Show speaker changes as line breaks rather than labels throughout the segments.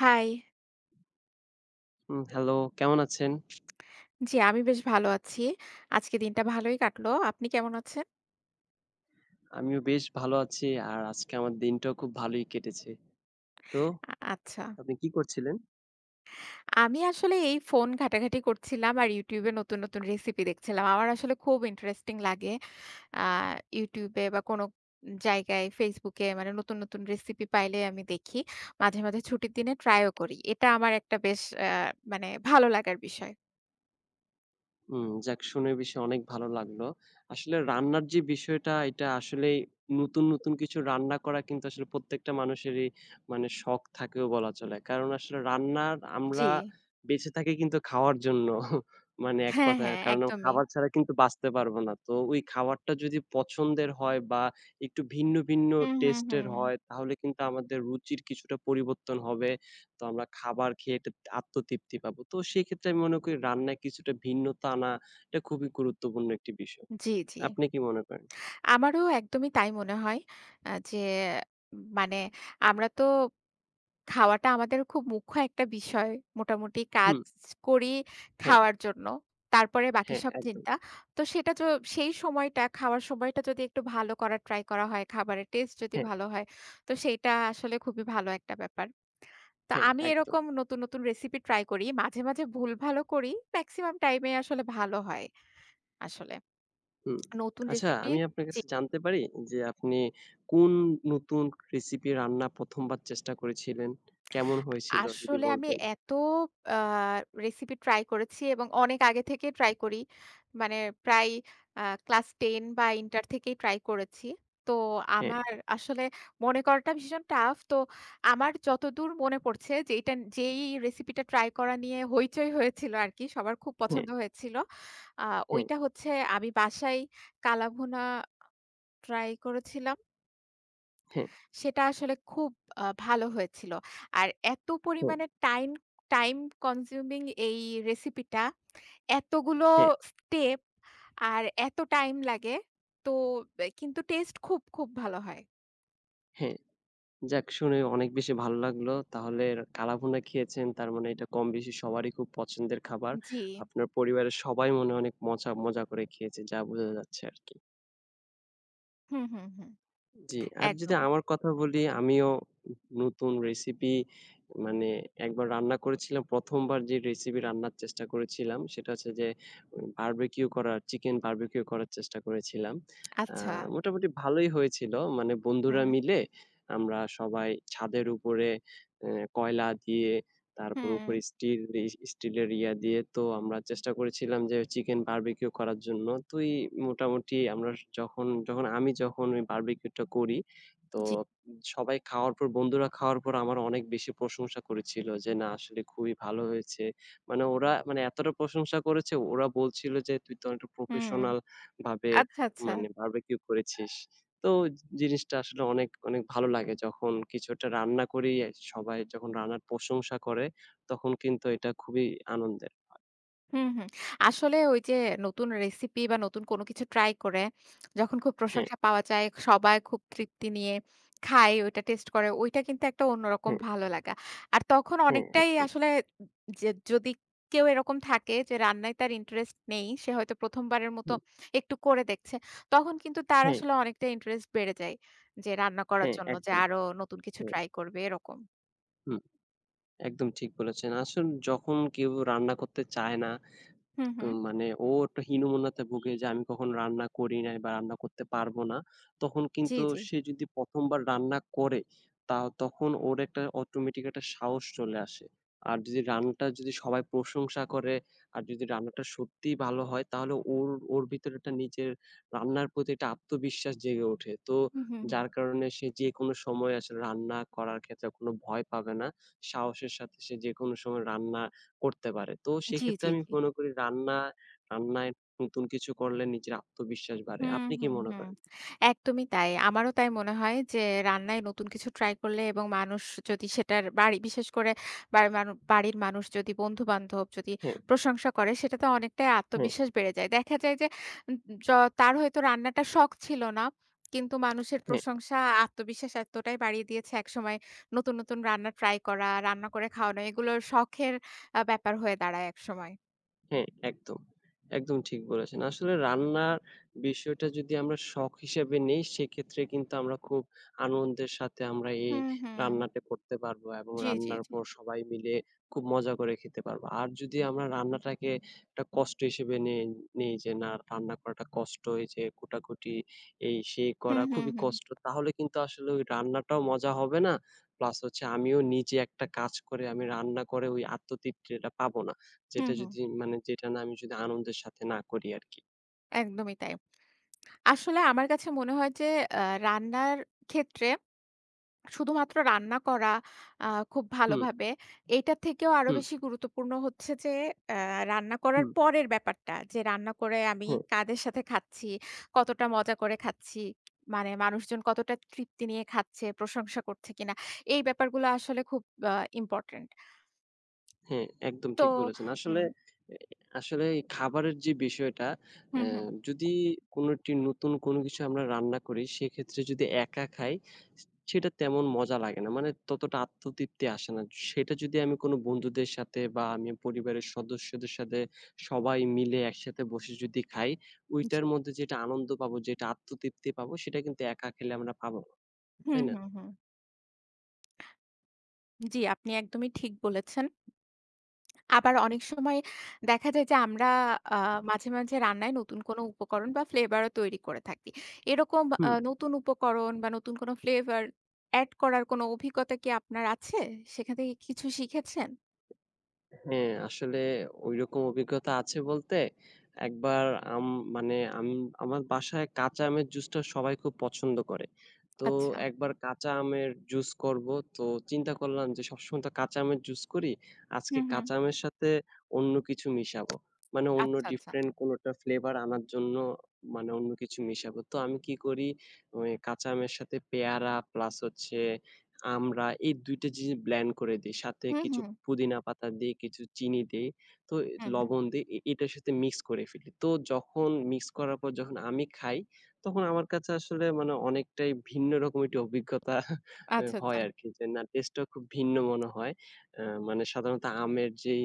High.
উম hello, কেমন আছেন?
জি, আমি বেশ ভালো আছি। আজকের দিনটা ভালই কাটল। আপনি কেমন আছেন?
আমিও বেশ ভালো আছি আর আজকে আমার দিনটাও খুব ভালোই কেটেছে। তো
আ আচ্ছা।
আপনি কি করছিলেন?
আমি আসলে, এই ফোন ঘাটাঘাটি করছিলাম আর YouTube এ নতু্‌ন, নতুন রেসিপি দেখছিলাম। আমার আসলে খুব ইন্টারেস্টিং লাগে। আ YouTube এ বা কোন জায়গায় Facebook এ মানে নতুন, নতুন রেসিপি পাইলে আমি দেখি। মাঝে, মাঝে ছুটির দিনে ট্রাই ও করি। এটা আমার একটা বেশ অ্যা মানে ভালো লাগার বিষয়।
উম যাক শুনে বেশি অনেক ভালো লাগলো। আসলে রান্নার যে বিষয়টা এটা আসলেই নতুন, নতুন কিছু রান্না করা কিন্তু আসলে প্রত্যেকটা মানুষেরই মানে শখ থাকেও বলা চলে। কারণ আসলে রান্নার আমরা
জি।
বেঁচে থাকি কিন্তু খাওয়ার জন্য। মানে এক
হ্যাঁ,
কথায়
হ্যাঁ,
কারণ
একদমই।
খাবার ছাড়া কিন্তু বাঁচতে পারবো না। তো ওই খাবারটা যদি পছন্দের হয় বা একটু ভিন্ন, ভিন্ন
হুম, হুম,
টেস্টের
হুম।
হয় তাহলে কিন্তু আমাদের রুচির কিছুটা পরিবর্তন হবে। তো আমরা খাবার খেয়ে এত আত্মতৃপ্তি পাবো। তো সেক্ষেত্রে আমি মনে করি রান্নায় কিছুটা ভিন্নতা আনা এটা খুবই গুরুত্বপূর্ণ একটি বিষয়।
জি, জি।
আপনি কী মনে করেন?
আমারও একদমই তাই মনে হয় আ যে মানে আমরা তো খাওয়াটা আমাদের খুব মুখ্য একটা বিষয়। মোটামুটি কাজ
হুম।
করি
হ্যাঁ।
খাওয়ার জন্য। তারপরে বাকি
হ্যাঁ,
সব
একদম।
চিন্তা। তো সেটা জ সেই সময়টা খাওয়ার সময়টা যদি একটু ভালো করার ট্রাই করা হয় খাবারের টেস্ট যদি
হ্যাঁ।
ভালো হয়। তো সেইটা আসলে খুবই ভালো একটা ব্যাপার। তো
হ্যাঁ,
আমি
একদম।
এরকম নতুন, নতুন রেসিপি ট্রাই করি। মাঝে, মাঝে ভুলভালও করি। মেক্সিমাম টাইমে আসলে ভালো হয় আসলে।
হুম,
নতুন
আচ্ছা
রেসিপি
আমি আপনার
জি।
কাছে জানতে পারি যে, আপনি কোন নতুন রেসিপি রান্না ১ম বার চেষ্টা করেছিলেন, কেমন হয়েছিল? যদি
আসলে আমি
বলতেন।
এত আ রেসিপি ট্রাই করেছি এবং অনেক আগে থেকে ট্রাই করি। মানে প্রায় আ ক্লাস 10 বা ইন্টার থেকেই ট্রাই করেছি। তো
হ্যাঁ।
আমার আসলে মনে করাটা ভীষণ টাফ। তো আমার যতদূর মনে পড়ছে যেইটা, যেই রেসিপি টা ট্রাই করা নিয়ে হইচই হয়েছিল আরকি। সবার খুব
হ্যাঁ।
পছন্দ হয়েছিল। আ
হ্যাঁ।
ঐটা হচ্ছে আমি বাসায় কালাভুনা ট্রাই করেছিলাম।
হ্যাঁ।
সেটা আসলে খুব আ ভালো হয়েছিল। আর এত
হুম।
পরিমাণে টাইম, টাইম কনজিউমিং এই রেসিপি টা, এতগুলো
হ্যাঁ।
স্টেপ আর এত টাইম লাগে তো কিন্তু টেস্টে খুব, খুব ভালো হয়।
হ্যাঁ। যাক শুনে অনেক বেশি ভাল লাগল। তাহলে কালাভুনা খেয়েছেন তার মানে এটা কমবেশি সবারই খুব পছন্দের খাবার।
জি।
আপনার পরিবারের সবাই মনে অনেক মজা মজা করে খেয়েছে যা বোঝা যাচ্ছে আরকি।
হু, হু, হু।
জি। আর যদি
একদম।
আমার কথা বলি আমিও নতুন রেসিপি, মানে একবার রান্না করেছিলাম প্রথমবার যে রেসিপি রান্নার চেষ্টা করেছিলাম সেটা হচ্ছে যে উ বারবিকিউ করার, চিকেন বারবিকিউ করার চেষ্টা করেছিলাম। আ
আচ্ছা।
মোটামুটি ভালোই হয়েছিল। মানে বন্ধুরা
উহু।
মিলে আমরা সবাই ছাদের উপরে এ কয়লা দিয়ে তারপর উপরে
হুম।
স্টিল রিস, স্টিলের ইয়া দিয়ে তো আমরা চেষ্টা করেছিলাম যে চিকেন বারবিকিউ করার জন্য। তুই মোটামুটি আমরা যখন যখন আমি যখন ওই বারবিকিউটা করি, তো
জি।
সবাই খাওয়ার পর, বন্ধুরা খাওয়ার পর আমার অনেক বেশি প্রশংসা করেছিল যে না আসলে খুবই ভালো হয়েছে। মানে ওরা মানে এতটা প্রশংসা করেছে ওরা বলছিলো যে "তুই তো অনেকটা
হুম।
প্রফেশনাল ভাবে
আচ্ছা, আচ্ছা!
মানে বারবিকিউ করেছিস।" তো জিনিসটা আসলে অনেক, অনেক ভালো লাগে যখন কিছু একটা রান্না করি সবাই যখন রান্নার প্রশংসা করে তখন কিন্তু এটা খুবই আনন্দের হয়।
হুম, হুম। আসলে ওই যে নতুন রেসিপি বা নতুন কোন কিছু ট্রাই করে, যখন খুব
হ্যাঁ।
প্রশংসা পাওয়া যায়, সবাই খুব তৃপ্তি নিয়ে খায়, ওইটা টেস্ট করে ওইটা কিন্তু একটা অন্যরকম
হ্যাঁ।
ভালো লাগা। আর তখন
হ্যাঁ,
অনেকটাই
একদম।
আসলে যে যদি কেউ এরকম থাকে যে রান্নায় তার ইন্টারেস্ট নেই, সে হয়তো ১ম বারের মত
হুম।
একটু করে দেখছে। তখন কিন্তু তার
হ্যাঁ।
আসলে অনেকটা ইন্টারেস্ট বেড়ে যায়। যে রান্না করার
হ্যাঁ
জন্য যে
একদম,
আরো নতুন কিছু
হুম।
ট্রাই করবে এরকম।
হুম। একদম ঠিক বলেছেন। আসুন যখন কেউ রান্না করতে চায় না
হু,
তো
হু।
মানে ও একটা হীনমন্যতায় ভুগে যে, আমি কখনো রান্না করি নাই বা রান্না করতে পারবো না। তখন
জি,
কিন্তু
জি।
সে, যদি ১ম বার রান্না করে, তাও তখন ওর একটা অটোমেটিক একটা সাহস চলে আসে। আর যদি রান্নাটা যদি সবাই প্রশংসা করে আর যদি রান্নাটা সত্যিই ভালো হয়। তাহলে ওর, ওর ভিতর একটা নিজের রান্নার প্রতি একটা আত্মবিশ্বাস জেগে ওঠে। তো,
হুম, হুম, হুম।
যার কারণে সে যেকোনো সময় আসলে রান্না করার ক্ষেত্রে কোনো ভয় পাবে না। সাহসের সাথে সে যেকোনো সময় রান্না করতে পারে। তো,
জি,
সেক্ষেত্রে
জি,
আমি
জি।
মনে করি রান্না, রান্নায় নতুন কিছু করলে নিজের আত্মবিশ্বাস বাড়ে।
হু,
আপনি কি
হু,
মনে
হু।
করেন?
একদমই তাই। আমারও তাই মনে হয় যে, রান্নায় নতুন কিছু ট্রাই করলে এবং মানুষ যদি সেটার বাড়ি বিশেষ করে বাড়ির মানু বাড়ির মানুষ যদি, বন্ধুবান্ধব যদি
হুম।
প্রশংসা করে সেটাতে অনেকটাই
হুম।
আত্মবিশ্বাস বেড়ে যায়। দেখা যায় যে য তার হয়তো রান্নাটা শখ ছিল না। কিন্তু মানুষের
হুম।
প্রশংসা, আত্মবিশ্বাস এতটাই বাড়িয়ে দিয়েছে একসময় নতুন, নতুন রান্না ট্রাই করা, রান্না করে খাওয়ানো এগুলো শখের আ ব্যাপার হয়ে দাঁড়ায় একসময়।
হ্যাঁ, একদম, একদম ঠিক বলেছেন। আসলে রান্নার বিষয়টা যদি আমরা শখ হিসেবে নেই সেক্ষেত্রে কিন্তু আমরা খুব আনন্দের সাথে আমরা এই
হুম, হুম।
রান্নাটা করতে পারবো এবং
জি, জি,
রান্নার
জি।
পর সবাই মিলে খুব মজা করে খেতে পারবো। আর যদি আমরা রান্নাটাকে একটা কষ্ট হিসেবে নেই, নেই যে না রান্না করাটা কষ্ট যে কোটাকুটি এই সে
হুম,
করা
হুম,
খুবই
হুম।
কষ্ট। তাহলে কিন্তু আসলে ওই রান্নাটাও মজা হবে না। প্লাস হচ্ছে আমিও নিজে একটা কাজ করে আমি রান্না করে ওই আত্মতৃপ্তিটা পাবো না।
হুম,
যেটা
হুম।
যদি মানে যেটা না আমি যদি আনন্দের সাথে না করি আরকি।
একদমই তাই। আসলে আমার কাছে মনে হয় যে, আ রান্নার ক্ষেত্রে শুধুমাত্র রান্না করা আ খুব
হুম।
ভালোভাবে, এটা থেকেও আরো
হুম।
বেশি গুরুত্বপূর্ণ হচ্ছে যে অ্যা রান্না করার
হুম।
পরের ব্যাপারটা যে রান্না করে আমি
হুম।
কাদের সাথে খাচ্ছি, কতটা মজা করে খাচ্ছি। মানে মানুষজন কতটা তৃপ্তি নিয়ে খাচ্ছে, প্রশংসা করছে কিনা। এই ব্যাপারগুলো আসলে খুব আ ইম্পোর্টেন্ট।
হ্যাঁ, একদম
তো
ঠিক বলেছেন। আসলে
উম।
অ্যা আসলে এই খাবারের যে বিষয়টা
হুম,
অ্যা
হুম।
যদি কোনোটি নতুন কোনো কিছু আমরা রান্না করি সেক্ষেত্রে যদি একা খাই স সেটা তেমন মজা লাগে না। মানে ততটা আত্মতৃপ্তি আসে না। সেটা যদি আমি কোনো বন্ধুদের সাথে বা আমি পরিবারের সদস্যদের সাথে সবাই মিলে একসাথে বসে যদি খাই
জি।
ওইটার মধ্যে যেটা আনন্দ পাবো যেটা আত্মতৃপ্তি পাবো সেটা কিন্তু একা খেলে আমরা পাবো না,
হুম,
তাই না?
হুম, হুম। জি, আপনি একদমই ঠিক বলেছেন। আবার অনেক সময় দেখা যায় যে আমরা আ মাঝে, মাঝে রান্নায় নতুন কোনো উপকরণ বা ফ্লেবারও তৈরি করে থাকি। এরকম
হু।
আ নতুন উপকরণ বা নতুন কোনো ফ্লেভার অ্যাড করার কোনো অভিজ্ঞতা কি আপনার আছে? সেখান থেকে কিছু শিখেছেন?
এ হ্যাঁ, আসলে ওই রকম অভিজ্ঞতা আছে বলতে, একবার আম মানে আম আমার বাসায় কাঁচা আমের জুসটা সবাই খুব পছন্দ করে। তো
আচ্ছা।
একবার কাঁচা আমের জুস করবো তো চিন্তা করলাম যে সবসময় তো কাঁচা আমের জুস করি
হু,
আজকে
হু।
কাঁচা আমের সাথে অন্য কিছু মিশাবো। মানে অন্য
আচ্ছা, আচ্ছা।
ডিফারেন্ট কোনো একটা ফ্লেভার আনার জন্য মানে অন্য কিছু মিশাবো। তো আমি কি করি মানে কাঁচা আমের সাথে পেয়ারা প্লাস হচ্ছে আমড়া এই ২ টা জিনিস ব্লেন্ড করে দিই। সাথে
উ
কিছু
হু।
পুদিনা পাতা দিই, কিছু চিনি দিই, তো এ
হু, হু।
লবণ দেই, এ এটার সাথে মিক্স করে ফেলি। তো যখন মিক্স করার পর যখন আমি খাই তখন আমার কাছে আসলে মানে অনেকটাই ভিন্ন রকম একটি অভিজ্ঞতা
আচ্ছা, আচ্ছা।
হয় আরকি যে না টেস্টটা খুব ভিন্ন মনে হয়। আ মানে সাধারণত আমের যেই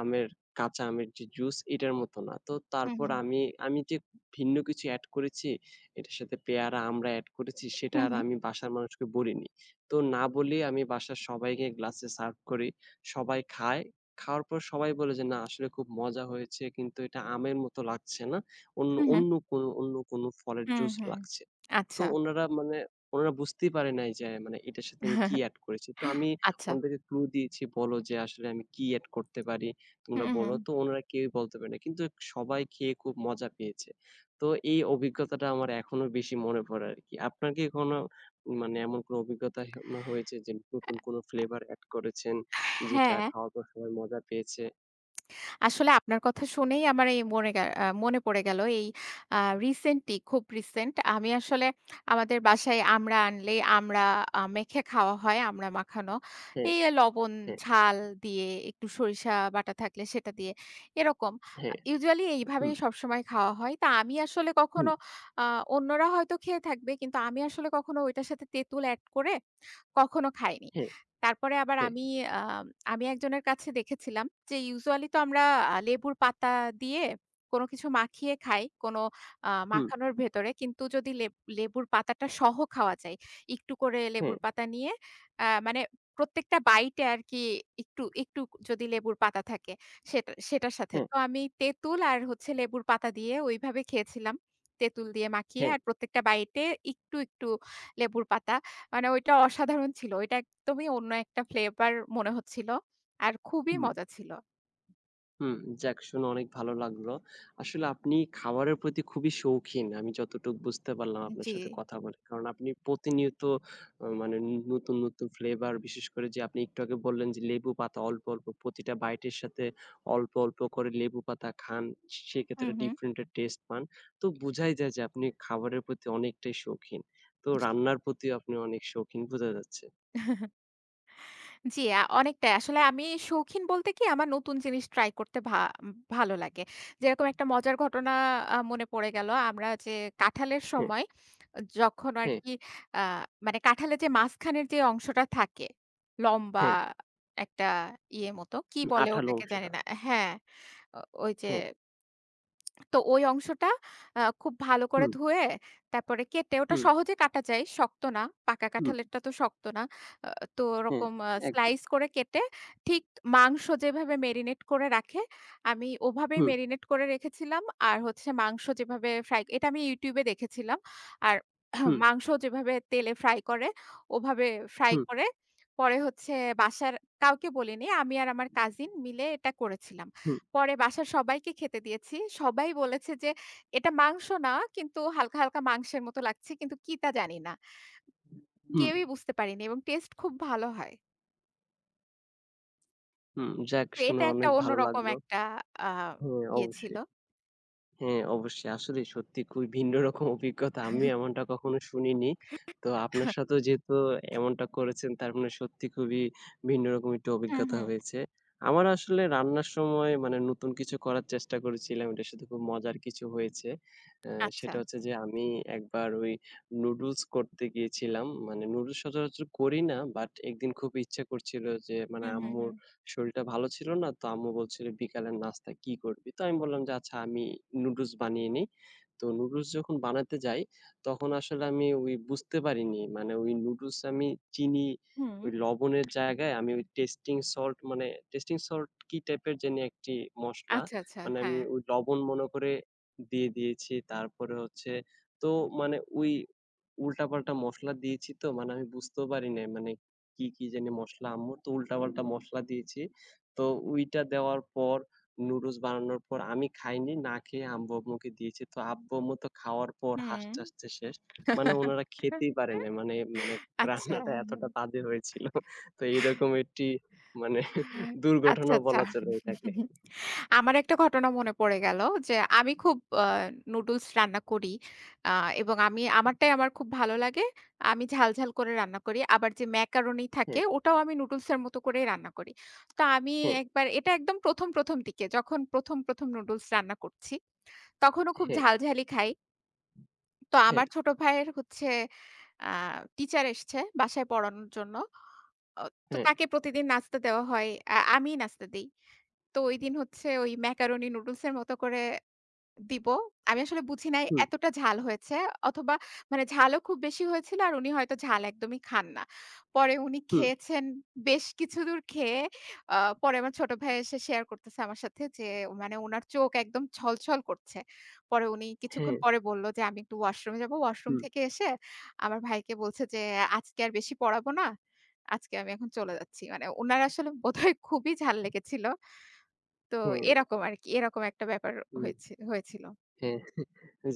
আমের, কাঁচা আমের যে জুস এটার মতো না। তো
হু,
তারপর
হু।
আমি আমি যে ভিন্ন কিছু অ্যাড করেছি, এটার সাথে পেয়ারা, আমড়া অ্যাড করেছি সেটা
হু,
আর
হু।
আমি বাসার মানুষকে বলিনি, তো না বলেই আমি বাসার সবাইকে গ্লাসে সার্ভ করি, সবাই খায়, খাওয়ার পর সবাই বলে যে, "না আসলে খুব মজা হয়েছে কিন্তু এটা আমের মতো লাগছে না অন্য
হু হ্যাঁ।
অন্য কোন অন্য কোনো ফলের
হু,
জুস
হু।
লাগছে।" তো
আচ্ছা।
উনারা মানে ওনারা বুঝতেই পারে নাই যে আ মানে এটার সাথে আমি কি অ্যাড করেছি। তো আমি
আচ্ছা।
ওনাদেরকে ক্লু দিয়েছি বলো যে, "আসলে আমি কি অ্যাড করতে পারি
উ
তোমরা বলো
হু।
তো।" উনারা কেউই বলতে পারে না। কিন্তু সবাই খেয়ে খুব মজা পেয়েছে। তো এই অভিজ্ঞতাটা আমার এখনো বেশি মনে পড়ে আরকি। আপনার কি কোনো মানে এমন কোনো অভিজ্ঞতা হে ম হয়েছে যে
আ
নতুন কোনো ফ্লেভার অ্যাড করেছেন, যেটা
হ্যাঁ।
খাওয়ার পর সবাই মজা পেয়েছে?
আসলে আপনার কথা শুনেই আমার এই মরে এ মনে পড়ে গেল এই আ রিসেন্টলি খুব রিসেন্ট আমি আসলে আমাদের বাসায় আমড়া আনলেই আমড়া আ মেখে খাওয়া হয় আমড়া মাখানো।
হ্যাঁ,
এই লবণ
হ্যাঁ।
ঝাল দিয়ে একটু সরিষা বাটা থাকলে সেটা দিয়ে। এরকম আ
হ্যাঁ,
ইউজুয়ালি
হুঁ।
এইভাবেই সবসময় খাওয়া হয়। তা আমি আসলে কখনো,
হু।
আ অন্যরা হয়তো খেয়ে থাকবে কিন্তু আমি আসলে কখনো ঐটার সাথে তেঁতুল এড করে কখনো খাইনি।
হ্যাঁ,
তারপরে আবার
হ্যাঁ।
আমি আ আমি একজনের কাছে দেখেছিলাম যে ইউজুয়ালি তো আমরা লেবুর পাতা দিয়ে কোনো কিছু মাখিয়ে খাই। কোনো আ
হু।
মাখানোর ভেতরে। কিন্তু যদি লেব লেবুর পাতাটা সহ খাওয়া যায়, একটু করে লেবুর
হ্যাঁ।
পাতা নিয়ে আ মানে প্রত্যেকটা বাইটে আরকি একটু একটু যদি লেবুর পাতা থাকে সেটা সেটার সাথে।
হ্যাঁ।
তো আমি তেঁতুল আর হচ্ছে লেবুর পাতা দিয়ে ওইভাবে খেয়েছিলাম। তেঁতুল দিয়ে মাখিয়ে।
হ্যাঁ।
আর প্রত্যেকটা বাইতে একটু, একটু লেবুর পাতা। মানে ওইটা অসাধারণ ছিলো। ওইটা একদমই অন্য একটা ফ্লেভার মনে হচ্ছিলো। আর খুবই
হুম।
মজা ছিলো।
হুম, যাক শুনে অনেক ভালো লাগলো। আসলে আপনি খাবারের প্রতি খুবই শৌখিন। আমি যতটুকু বুঝতে পারলাম
উ
আপনার সাথে
জ্বি।
কথা বলে। কারণ আপনি প্রতিনিয়ত আ মানে নতুন, নতুন ফ্লেভার বিশেষ করে যে আপনি একটু আগে বললেন যে লেবুপাতা অল্প, অল্প প্রতিটা বাইটের সাথে অল্প, অল্প করে লেবুপাতা খান
হু,
সেক্ষেত্রে
হু।
ডিফারেন্টের টেস্ট পান। তো বুঝাই যায় যে, আপনি খাবারের প্রতি অনেকটাই শৌখিন। তো
জ্বি।
রান্নার প্রতিও আপনি অনেক শৌখিন বোঝা যাচ্ছে।
জ্বি, আ অনেকটাই। আসলে আমি শৌখিন বলতে কি আমার নতুন জিনিস ট্রাই করতে ভা ভালো লাগে। যেরকম একটা মজার ঘটনা আ মনে পড়ে গেলো। আমরা যে কাঁঠালের
হু।
সময় যখন
হ্যাঁ।
আরকি আ মানে কাঁঠালের যে মাঝখানের যে অংশটা থাকে, লম্বা
হ্যাঁ।
একটা ইয়ে মত কী
উ
বলে
আঠালো
ওটাকে জানি
অংশটা।
না। হ্যাঁ, ওই যে
হ্যাঁ।
তো ওই অংশটা আ খুব ভালো করে
হুম।
ধুয়ে তারপরে কেটে ওটা
হুম।
সহজে কাটা যায়। শক্ত না। পাকা
হুম।
কাঁঠালেরটা তো শক্ত না। আ তো
হ্যাঁ,
ওরকম আ
একদম।
স্লাইস করে কেটে ঠিক মাংস যেভাবে মেরিনেট করে রাখে আমি ওভাবেই
হুম।
মেরিনেট করে রেখেছিলাম। আর হচ্ছে মাংস যেভাবে ফ্রাই, এটা আমি YouTube এ দেখেছিলাম। আর
হুম।
মাংস যেভাবে তেলে ফ্রাই করে ওভাবে ফ্রাই
হু।
করে। পরে হচ্ছে বাসার কাউকে বলিনি। আমি আর আমার কাজিন মিলে এটা করেছিলাম।
হু।
পরে বাসার সবাইকে খেতে দিয়েছি। সবাই বলেছে যে, "এটা মাংস না, কিন্তু হালকা, হালকা মাংসের মতো লাগছে কিন্তু কি তা জানিনা।"
হুম।
কেউই বুঝতে পারেনি এবং টেস্টে খুব ভালো হয়।
হুম, যাক
তো,
শুনে
এটা একটা
অনেক ভালো
অন্যরকম
লাগলো।
একটা আ
হ্যা,
ইয়ে ছিল।
অবশ্যই। হ্যাঁ অবশ্যই। আসলেই সত্যি খুবই ভিন্ন রকম অভিজ্ঞতা আমি এমনটা কখনো শুনিনি। তো আপনার সাথেও যেহেতু এমনটা করেছেন, তার মানে সত্যি খুবই ভিন্ন রকম একটু
উ হুম,
অভিজ্ঞতা
হু।
হয়েছে। আমার আসলে রান্নার সময় মানে নতুন কিছু করার চেষ্টা করেছিলাম। এটার সাথে খুব মজার কিছু হয়েছে। অ্যা
আচ্ছা।
সেটা হচ্ছে যে আমি একবার ওই নুডলস করতে গিয়েছিলাম, মানে নুডলস সচরাচর করি না বাট একদিন খুব ইচ্ছা করছিল যে মানে
উ হু,
আম্মুর
হু।
শরীরটা ভালো ছিল না। তো আম্মু বলছিল বিকালের নাস্তা কী করবি? তো আমি বললাম যে আচ্ছা আমি, নুডলস বানিয়ে নেই। তো নুডলস যখন বানাতে যাই তখন আসলে আমি ওই বুঝতে পারিনি, মানে ওই নুডলসে আমি চিনি
হুম।
অই লবণের জায়গায় আমি ওই টেস্টিং সল্ট মানে টেস্টিং সল্ট কী টাইপের জানি একটি মসলা।
আচ্ছা, আচ্ছা।
মানে আমি
হ্যাঁ।
ওই লবণ মনে করে দিয়ে দিয়েছি। তারপরে হচ্ছে তো মানে ওই উল্টা-পাল্টা মসলা দিয়েছি তো মানে আমি বুঝতেও পারিনি। মানে কী, কী জানি মসলা আম্মুর, তো উল্টা-পাল্টা মশলা দিয়েছি। তো ঐটা দেওয়ার পর নুডলস বানানোর পর আমি খাইনি, না খেয়ে আব্বু-আম্মুকে দিয়েছি। তো আব্বু-আম্মু তো খাওয়ার পর
হুম।
হাসতে, হাসতে শেষ। মানে উনারা খেতেই পারে নাই। মানে, মানে
আচ্ছা।
রান্নাটা এতটা বাজে হয়েছিল। তো এরকম একটি, মানে
আচ্ছা,
দুর্ঘটনাও
আচ্ছা।
বলা চলে এটাকে।
আমার একটা ঘটনা মনে পড়ে গেল যে আমি খুব আ নুডলস রান্না করি। আ এবং আমি আমারটাই আমার খুব ভালো লাগে। আমি ঝাল-ঝাল করে রান্না করি। আবার যে ম্যাকারোনি থাকে
হ্যাঁ।
ওটাও আমি নুডলস এর মত করেই রান্না করি। তো আমি
হ্যাঁ।
একবার এটা একদম ১ম ১ম দিকে, যখন ১ম ১ম নুডলস রান্না করছি, তখনও খুব
হ্যাঁ।
ঝাল-ঝালই খাই। তো
হ্যাঁ।
আমার ছোট ভাইয়ের হচ্ছে আ টিচার এসছে বাসায় পড়ানোর জন্য। আ তো
হ্যাঁ।
তাকে প্রতিদিন নাস্তা দেওয়া হয়। আ আমিই নাস্তা দেই। তো ঐদিন হচ্ছে ওই ম্যাকারোনি নুডলসের মতো করে দিবো। আমি আসলে বুঝি নাই
হুম।
এতটা ঝাল হয়েছে। অথবা মানে ঝালও খুব বেশি হয়েছিলো আর উনি হয়তো ঝাল একদমই খান না। পরে উনি
হুম।
খেয়েছেন বেশ কিছুদূর খেয়ে আ পরে আমার ছোট ভাই এসে শেয়ার করতেছে আমার সাথে যে মানে উনার চোখ একদম ছল-ছল করছে। পরে উনি কিছুক্ষণ
হ্যাঁ।
পরে বললো যে আমি একটু ওয়াশরুমে যাবো। ওয়াশরুম
হুম।
থেকে এসে আমার ভাইকে বলছে যে আজকে আর বেশি পড়াবো না। আজকে আমি এখন চলে যাচ্ছি। মানে উনার আসলে বোধহয় খুবই ঝাল লেগেছিলো। তো
হ্যাঁ।
এরকম আরকি, এরকম একটা ব্যাপার
হুম
হয়েছি হয়েছিলো।
হ্যাঁ,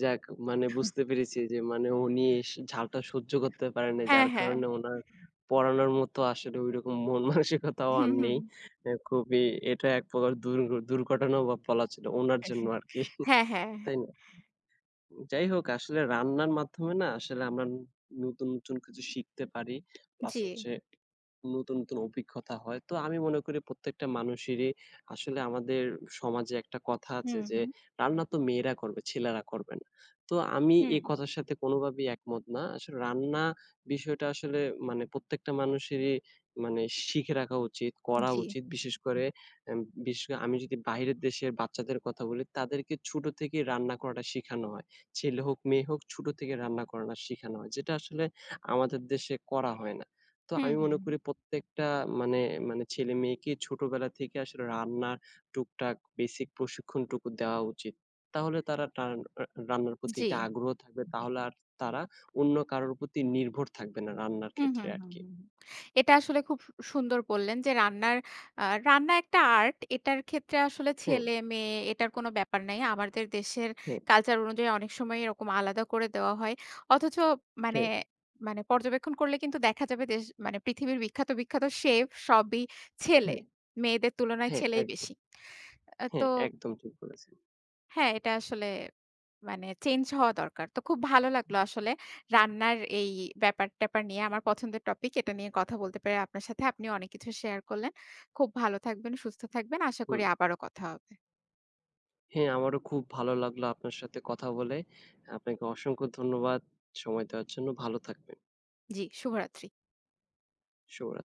যাক মানে বুঝতে পেরেছি যে মানে উনি স ঝালটা সহ্য করতে পারে নাই।
হ্যাঁ,
যার
হ্যাঁ।
কারণে উনার পড়ানোর মতো আসলে ঐরকম মন-মানসিকতাও
হুম,
আর নেই।
হুম।
এ খুবই এটা এক প্রকার দূরঘ দুর্ঘটনাও বলা ছিলো উনার জন্য আরকি।
হ্যাঁ, হ্যাঁ।
তাই না? যাই হোক আসলে রান্নার মাধ্যমে না আসলে আমরা ন নতুন, নতুন কিছু শিখতে পারি। প্লাস
জ্বি।
হচ্ছে নতুন, নতুন অভিজ্ঞতা হয়। তো আমি মনে করি প্রত্যেকটা মানুষেরই আসলে আমাদের সমাজে একটা কথা আছে
হুম,
যে
হুম।
রান্না তো মেয়েরা করবে ছেলেরা করবে না। তো আমি এই
হুম।
কথার সাথে কোনোভাবেই একমত না। আসলে রান্না বিষয়টা আসলে মানে প্রত্যেকটা মানুষেরই মানে শিখে রাখা উচিত করা
জ্বি।
উচিত বিশেষ করে এম বিশেষ আমি যদি বাহিরের দেশের বাচ্চাদের কথা বলি তাদেরকে ছোট থেকেই রান্না করাটা শিখানো হয়। ছেলে হোক, মেয়ে হোক ছোট থেকেই রান্না করাটা শিখানো হয়। যেটা আসলে আমাদের দেশে করা হয় না। তো
হুম,
আমি
হুম,
মনে
হুম।
করি প্রত্যেকটা মানে মানে ছেলে-মেয়েকে ছোটবেলা থেকে আসলে রান্নার টুক-টাক বেসিক প্রশিক্ষণটুকু দেওয়া উচিত। তাহলে তারা তস্ন আ রান্নার প্রতি
জ্বি।
একটা আগ্রহ থাকবে তাহলে আর তারা অন্য কারোর প্রতি নির্ভর থাকবে না রান্নার
হুম,
ক্ষেত্রে
হুম, হুম,
আরকি।
হুম। এটা আসলে খুব সু সুন্দর বললেন যে রান্নার আ রান্না একটা আর্ট। এটার ক্ষেত্রে আসলে
হুম।
ছেলে-মেয়ে এটার কোনো ব্যাপার নাই। আমাদের দেশের
হুম।
কালচার অনুযায়ী অনেক সময় এরকম আলাদা করে দেওয়া হয়। অথচ মানে
হ্যাঁ।
মানে পর্যবেক্ষণ করলে কিন্তু দেখা যাবে যে দেশ মানে পৃথিবীর বিখ্যাত, বিখ্যাত সেফ সবই ছেলে।
হ্যাঁ।
মেয়েদের তুলনায়
হ্যাঁ,
ছেলেই
একদম।
বেশি। এ তো
হ্যাঁ, একদম ঠিক বলেছেন।
হ্যাঁ, এটা আসলে মানে চেঞ্জ হওয়া দরকার। তো খুব ভালো লাগলো আসলে রান্নার এই ব্যাপার-ট্যাপার নিয়ে আমার পছন্দের টপিক। এটা নিয়ে কথা বলতে পারি আপনার সাথে। আপনিও অনেক কিছু শেয়ার করলেন। খুব ভালো থাকবেন, সুস্থ থাকবেন। আশা
হুম।
করি আবারো কথা হবে।
হ্যাঁ, আমারও খুব ভালো লাগলো আপনার সাথে কথা বলে। আপনাকে অসংখ্য ধন্যবাদ সময় দেওয়ার জন্য। ভালো থাকবেন।
জ্বি, শুভরাত্রি।
শুভরাত্রি।